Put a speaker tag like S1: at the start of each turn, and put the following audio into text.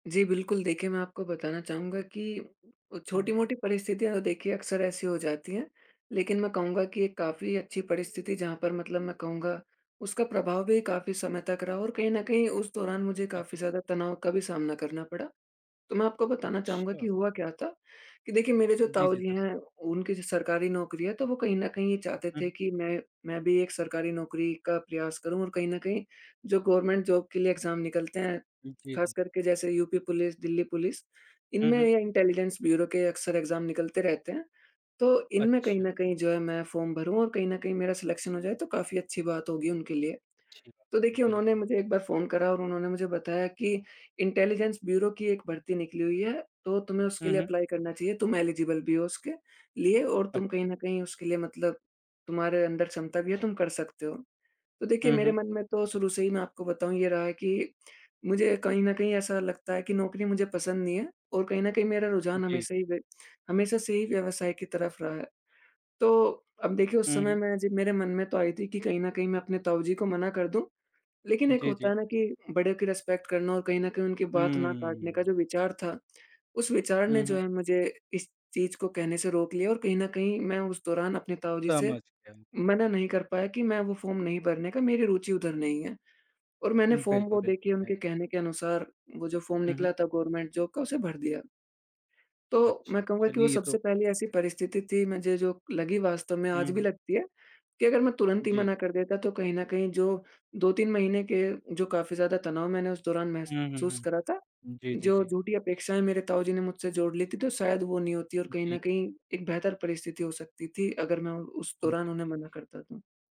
S1: जी, बिल्कुल, देखिए मैं आपको बताना चाहूँगा कि उ
S2: हुँ, हुँ।
S1: छोटी-मोटी परिस्थितियाँ तो देखिए अक्सर ऐसी हो जाती हैं। लेकिन मैं कहूँगा कि ये काफ़ी अच्छी परिस्थिति जहाँ पर मतलब मैं कहूँगा, उसका प्रभाव भी काफ़ी समय तक रहा और कहीं न कहीं उस दौरान मुझे
S2: जी,
S1: काफ़ी
S2: जी।
S1: ज़्यादा तनाव का भी सामना करना पड़ा। तो मैं आपको बताना चाहूँगा कि
S2: अच्छा।
S1: हुआ क्या था कि देखिए मेरे जो
S2: जी,
S1: ताऊ
S2: जी।
S1: जी
S2: ज़रूर।
S1: हैं, उनकी जो सरकारी नौकरी है, तो वो कहीं न कहीं ये चाहते थे
S2: हुँ।
S1: कि मैं मैं भी एक सरकारी नौकरी का प्रयास करूँ और कहीं न कहीं जो गवर्नमेंट जॉब के लिए एग्ज़ाम निकलते हैं,
S2: जी,
S1: ख़ास
S2: जी।
S1: करके जैसे यूपी पुलिस, दिल्ली पुलिस,
S2: हुँ,
S1: इनमें
S2: हुँ।
S1: ये इंटेलिजेंस ब्यूरो के अक्सर एग्ज़ाम निकलते रहते हैं। तो इनमें कहीं
S2: अच्छा।
S1: न कहीं जो है मैं फ़ॉर्म भरूँ और कहीं न कहीं मेरा सिलेक्शन हो जाए, तो काफ़ी अच्छी बात होगी उनके लिए।
S2: जी।
S1: तो
S2: [unintelligible]
S1: देखिए उन्होंने
S2: बिल्कुल।
S1: मुझे एक बार फ़ोन करा और उन्होंने मुझे बताया कि इंटेलिजेंस ब्यूरो की एक भर्ती निकली हुई है। तो तुम्हें उसके
S2: हुँ,
S1: लिए
S2: हुँ।
S1: एप्लाई करना चाहिए तुम एलिजिबल भी हो उसके लिए और
S2: अच्छा।
S1: तुम कहीं न कहीं उसके लिए मतलब तुम्हारे अंदर क्षमता भी है तुम कर सकते हो। तो देखिए
S2: हुँ,
S1: मेरे
S2: हुँ।
S1: मन में तो शुरू से ही मैं आपको बताऊँ ये रहा है कि मुझे कहीं न कहीं ऐसा लगता है कि नौकरी मुझे पसंद नहीं है और कहीं न कहीं मेरा रुझान
S2: जी।
S1: हमेशा ही हमेशा से ही व्यवसाय की तरफ रहा है। तो अब देखिए उस
S2: हुँ,
S1: समय
S2: हुँ।
S1: मैं जब मेरे मन में तो आई थी कि कहीं न कहीं मैं अपने ताऊ जी को मना कर दूँ, लेकिन एक
S2: जी,
S1: होता
S2: जी।
S1: है ना कि बड़े की रिस्पेक्ट करना और कहीं न कहीं उनकी बात ना काटने का
S2: हम्म।
S1: जो विचार था, उस विचार
S2: हुँ,
S1: ने जो
S2: हुँ।
S1: है मुझे इस चीज़ को कहने से रोक लिया और कहीं न कहीं मैं उस दौरान अपने ताऊ जी से
S2: समझ गया।
S1: मना नहीं कर पाया कि मैं वो फ़ॉर्म नहीं भरने का मेरी रुचि उधर नहीं है और मैंने फॉर्म
S2: बिल्कुल,
S1: वो
S2: बिल्कुल।
S1: देखिए
S2: [unintelligible]
S1: उनके कहने के अनुसार वो जो फ़ॉर्म
S2: हुँ, हुँ।
S1: निकला था गवर्नमेंट जॉब का उसे भर दिया। तो मैं
S2: अच्छा
S1: कहूँगा कि वो
S2: चलिए ये तो
S1: सबसे पहली ऐसी परिस्थिति थी मुझे जो लगी वास्तव में,
S2: हुँ,
S1: आज भी
S2: हुँ।
S1: लगती है कि अगर मैं तुरंत ही
S2: जी।
S1: मना कर देता, तो कहीं न कहीं जो 2-3 महीने के जो काफ़ी ज़्यादा तनाव मैंने उस दौरान
S2: हुँ, हुँ,
S1: महसूस
S2: हुँ।
S1: करा था,
S2: जी, जी,
S1: जो
S2: जी।
S1: झूठी अपेक्षाएँ मेरे ताऊ जी ने मुझसे जोड़ ली थी। तो शायद वो नहीं होती और
S2: उ
S1: कहीं
S2: जी।
S1: न कहीं एक बेहतर परिस्थिति हो सकती थी अगर मैं उ उस दौरान उन्हें
S2: [unintelligible]
S1: मना करता तो।